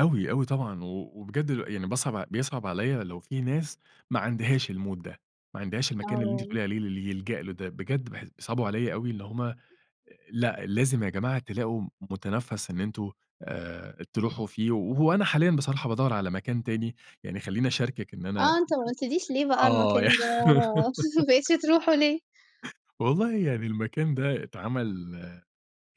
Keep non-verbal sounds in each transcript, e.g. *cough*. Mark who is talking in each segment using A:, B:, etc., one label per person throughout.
A: أوي، أوي طبعًا، و وبجد ل يعني باصعب بيصعب عليَّ لو في ناس ما عندهاش الmood ده، ما عندهاش المكان اللي أنتِ
B: آه.
A: بتقولِي عليه اللي يلجأ له ده بجد باحس بيصعبوا عليَّ أوي اللي هم أ لأ، لازم يا جماعة تلاقوا م متنفّس إن أنتم آآ، تروحوا فيه وهو أنا حاليًا بصراحة بادوّر على مكان تاني، يعني خليني أشاركِك إن أنا ال
B: آه، أنت ما قُلتليش ليه
A: ال
B: بقى المكان
A: آه، ي
B: ده *chuckles* ما بقيتش
A: *laughs*
B: تروحه ليه؟
A: *chuckles* والله يعني المكان ده اتعمل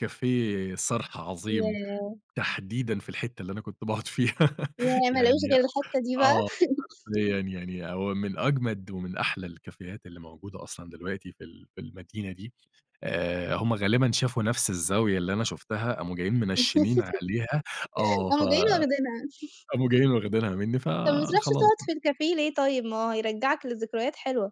A: cafe صرح عظيم،
B: ياه!
A: تحديدًا في الحتّه اللي أنا كنت باقعد فيها، *laughs*
B: ياه! ما لقوش
A: يعني
B: غير الحتّه دي بقى.
A: آه،
B: *laughs*
A: حرفيًا يعني هو من أجمد ومن أحلى الكافيهات اللي موجودة أصلًا دلوقتي في ال في المدينة دي. آآ، هم غالبًا شافوا نفس الزاوية اللي أنا شُفتها، قاموا جايين منشّنين عليها،
B: *laughs*
A: آه، ف
B: راحوا جايين واخدينها. *chuckles*
A: قاموا جايين واخدينها مني، ف
B: طَب ما بتروحش
A: خلاص
B: تقعد
A: بقى.
B: في الcafe ليه طيب؟ ما هو هيرجّعك لذكريات حلوة.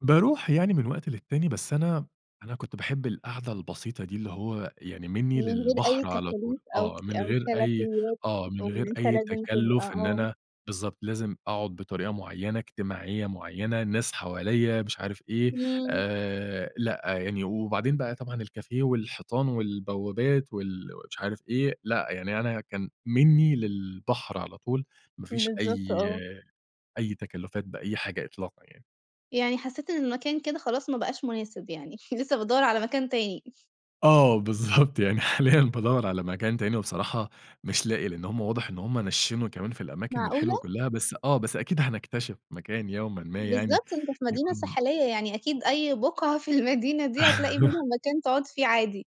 A: باروح يعني من وقت للتاني، بس أنا أنا كنت باحب القعدة البسيطة دي، اللي هو يعني مني
B: من غير أي
A: للبحر على طول،
B: تكاليف، أو ك
A: آه، من
B: أو
A: غير أي
B: كَلَفيات،
A: آه،
B: أو
A: من
B: إن
A: غير
B: أنت
A: أي
B: لازم تبقى
A: تكلُّف، إن
B: آه.
A: أنا بالضبط، لازم أقعد بطريقة معيّنة، اجتماعية معيّنة، الناس حواليّا مش عارف إيه،
B: إمم.
A: آآ، لأ يعني، وبعدين بقى طبعًا الcafe والحيطان والبوابات، وال مش عارف إيه، لأ، يعني أنا كان مني للبحر على طول، ما فيش أي
B: بالضبط، آه.
A: أي تكلُّفات بأي حاجة إطلاقًا يعني.
B: يعني حسيت إن المكان كده خلاص، ما بقاش مناسب يعني، *chuckles* لسه بتدوّر على مكان تاني.
A: آه، بالضبط، يعني حاليًا بادوّر على مكان تاني، وبصراحة مش لاقي، لأن هم واضح إن هم نشِّنوا كمان في الأماكن الحلوة
B: معقولة؟!
A: كلّها، بس آه، بس أكيد هنكتشف مكان يومًا ما يعني
B: بالضبط، أنت في مدينة
A: يكون
B: ساحلية، يعني أكيد أي بُقعة في المدينة دي هتلاقي منهم
A: *laughs*
B: مكان تقعد فيه عادي.